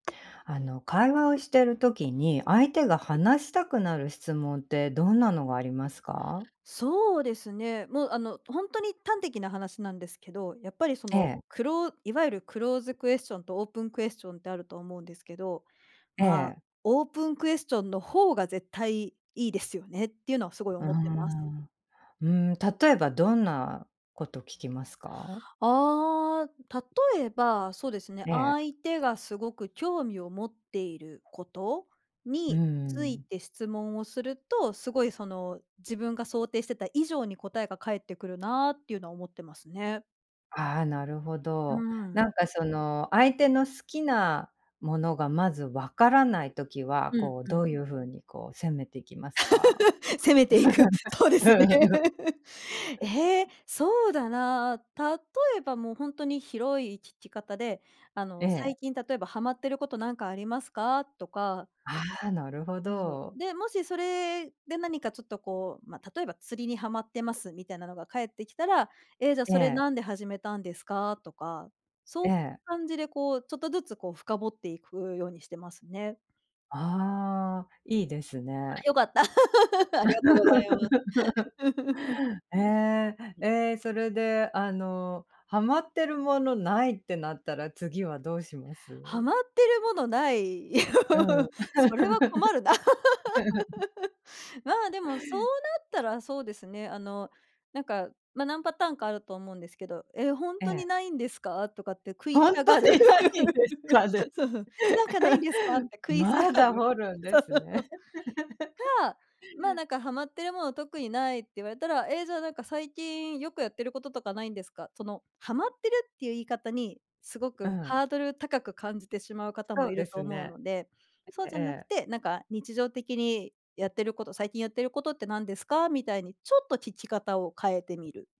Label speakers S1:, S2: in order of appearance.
S1: あの会話をしてる時に、相手が話したくなる質問ってどんなのがありますか？
S2: そうですね、もうあの本当に端的な話なんですけど、やっぱりそ
S1: え
S2: の
S1: え。
S2: クローいわゆるクローズクエスチョンとオープンクエスチョンってあると思うんですけど、
S1: え
S2: まあ
S1: え。
S2: オープンクエスチョンの方が絶対いいですよねっていうのはすごい
S1: うー
S2: 思っています。
S1: ん、うん。例えばどんなこと聞きますか？
S2: ああ、例えば、そうですね、
S1: ええ。
S2: 相手がすごく興味を持っていること
S1: う
S2: につい
S1: ん。
S2: て質問をすると、すごいその自分が想定してた以上に答えが返ってくるなっていうのは思ってますね。
S1: ああ、なるほ
S2: う
S1: ど。
S2: ん。
S1: なんかその相手の好きなものがまずわからない時は、
S2: うん
S1: こう
S2: う
S1: ど
S2: ん。
S1: ういう風にこう攻めていきますか？
S2: 攻めていく。そうですね。え え、
S1: うん。
S2: そうだな、例えばもう本当に広い聞き方で、あ
S1: え
S2: の最
S1: え。
S2: 近例えばはまっていることなんかありますかとか。
S1: ああ、なるほ
S2: ふふ。
S1: ど。
S2: で、もしそれで何かちょっとこう、まあ例えば釣りにはまってますみたいなのが返ってきたら、ええ、じゃ
S1: え
S2: それ
S1: え。
S2: なんで始めたんですか、とか、そういう
S1: ええ。
S2: 感じでこうちょっとずつこう深掘っていくようにしてますね。
S1: ああ、いいです
S2: あ、
S1: ね。
S2: よかった。ありがとうございます。
S1: ええ、ええ、それで、あの、はまってるものないってなったら、次はどうしま
S2: は
S1: す？
S2: まってるものない。
S1: うん。
S2: それは困るな。ま、でもそうなったらそうですね、あのなんか、ま、何パターンかあると思うんですけど、え、本
S1: え
S2: 当
S1: え。
S2: にないんですかとかって食い
S1: 本
S2: 下
S1: 当
S2: がる。
S1: にないんです か
S2: そ
S1: ね。
S2: うそう、なんか無いんですかって食い下
S1: ま
S2: が
S1: だ
S2: る。
S1: 掘るんで
S2: そう。
S1: すね。
S2: か、まあ、なんかはまってるもの特にないって言われたら、ええ、じゃあなんか最近よくやってることとかないんですか。その、はまってるっていう言い方に、すご
S1: う
S2: く
S1: ん。
S2: ハードル高く感じてしまう方
S1: そ
S2: もい
S1: うで
S2: ると
S1: す
S2: 思う
S1: ね。
S2: ので、そうじ
S1: え
S2: ゃなく
S1: え。
S2: て、なんか日常的にやってること、最近やってることって何ですかみたいに、ちょっと聞き方を変えてみる。